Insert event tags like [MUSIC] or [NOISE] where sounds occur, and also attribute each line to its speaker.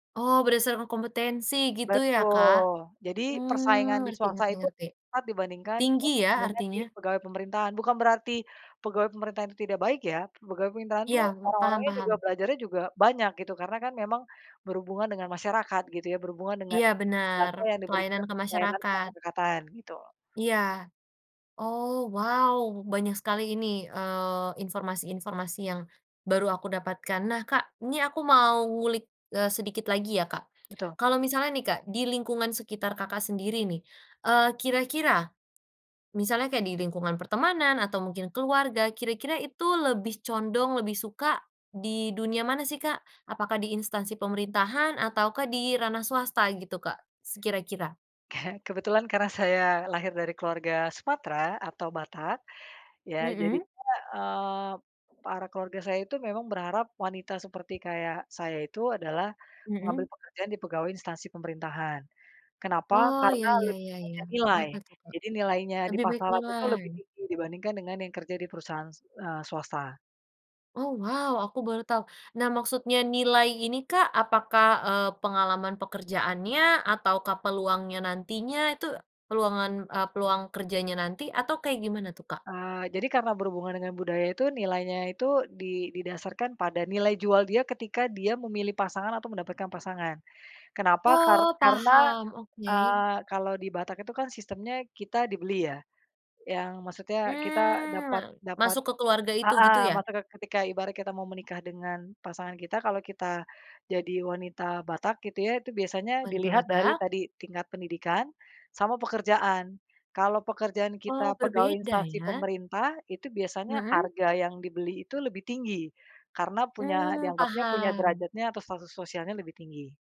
Speaker 1: Oh, berdasarkan kompetensi, gitu, ya, Kak.
Speaker 2: Betul. Jadi, persaingan
Speaker 1: Mmm,
Speaker 2: di
Speaker 1: ngerti
Speaker 2: swasta
Speaker 1: ngerti
Speaker 2: itu,
Speaker 1: ngerti.
Speaker 2: ngat dibandingkan
Speaker 1: Tinggi,
Speaker 2: dengan
Speaker 1: ya,
Speaker 2: persaingan di
Speaker 1: artinya.
Speaker 2: pegawai pemerintahan. Bukan berarti, pegawai pemerintahan itu tidak baik, ya. Pegawai pemerintahan itu
Speaker 1: Iya, m paham
Speaker 2: orang-orangnya juga
Speaker 1: paham.
Speaker 2: belajarnya juga banyak, gitu. Karena, kan, memang, berhubungan dengan masyarakat, gitu, ya. Berhubungan dengan,
Speaker 1: Iya, benar,
Speaker 2: jasa yang diberikan
Speaker 1: pelayanan ke
Speaker 2: layanan
Speaker 1: masyarakat.
Speaker 2: kemasyarakatan, gitu.
Speaker 1: Iya. Oh, wow. Banyak sekali ini, eee, informasi-informasi yang, baru aku dapatkan. Nah, Kak, ini aku mau ngulik, eee, sedikit lagi, ya, Kak.
Speaker 2: Betul.
Speaker 1: Kalau misalnya, nih, Kak, di lingkungan sekitar Kakak sendiri, nih, eee, kira-kira, misalnya kayak di lingkungan pertemanan, atau mungkin keluarga, kira-kira itu lebih condong, lebih suka di dunia mana, sih, Kak? Apakah di instansi pemerintahan ataukah di ranah swasta, gitu, Kak? Se kira-kira.
Speaker 2: [CHUCKLES] Kebetulan karena saya lahir dari keluarga Sumatera atau Batak, ya,
Speaker 1: Mhm.
Speaker 2: jadinya, mmm, para keluarga saya itu memang berharap wanita seperti kayak saya itu adalah, mengambil
Speaker 1: Mhm.
Speaker 2: pekerjaan di pegawai instansi pemerintahan. Kenapa?
Speaker 1: Oh, ya
Speaker 2: Karena
Speaker 1: ya
Speaker 2: lebih
Speaker 1: ya ya.
Speaker 2: banyak nilai.
Speaker 1: Kenapa, tuh, Kak?
Speaker 2: Jadi, nilainya di
Speaker 1: Lebih baik
Speaker 2: pasaran itu
Speaker 1: nilai.
Speaker 2: lebih tinggi dibandingkan dengan yang kerja di perusahaan, eee, swasta.
Speaker 1: Oh, wow, aku baru tahu. Nah, maksudnya nilai ini, Kak, apakah, eee, pengalaman pekerjaannya ataukah peluangnya nantinya itu, peluangan e peluang kerjanya nanti atau kayak gimana, tuh, Kak?
Speaker 2: Eee, jadi karena berhubungan dengan budaya, itu nilainya itu di didasarkan pada nilai jual dia ketika dia memilih pasangan atau mendapatkan pasangan. Kenapa? Kar
Speaker 1: Oh,
Speaker 2: karena,
Speaker 1: paham, oke.
Speaker 2: eee, kalau di Batak itu, kan, sistemnya kita dibeli, ya, yang maksudnya kita
Speaker 1: Mmm, ma
Speaker 2: dapat dapat,
Speaker 1: masuk ke keluarga itu, gitu,
Speaker 2: heeh,
Speaker 1: ya?
Speaker 2: maka ke ketika ibarat kita mau menikah dengan pasangan kita, kalau kita, jadi wanita Batak, gitu, ya, itu biasanya
Speaker 1: Wanita
Speaker 2: dilihat dari,
Speaker 1: Batak.
Speaker 2: tadi, tingkat pendidikan, sama pekerjaan. Kalau pekerjaan
Speaker 1: Oh,
Speaker 2: kita pegawai
Speaker 1: berbeda,
Speaker 2: instansi
Speaker 1: ya?
Speaker 2: pemerintah, itu biasanya
Speaker 1: Mhm.
Speaker 2: harga yang dibeli itu lebih tinggi, karena punya,
Speaker 1: Mmm,
Speaker 2: dianggapnya punya
Speaker 1: paham.
Speaker 2: derajatnya atau status sosialnya lebih tinggi.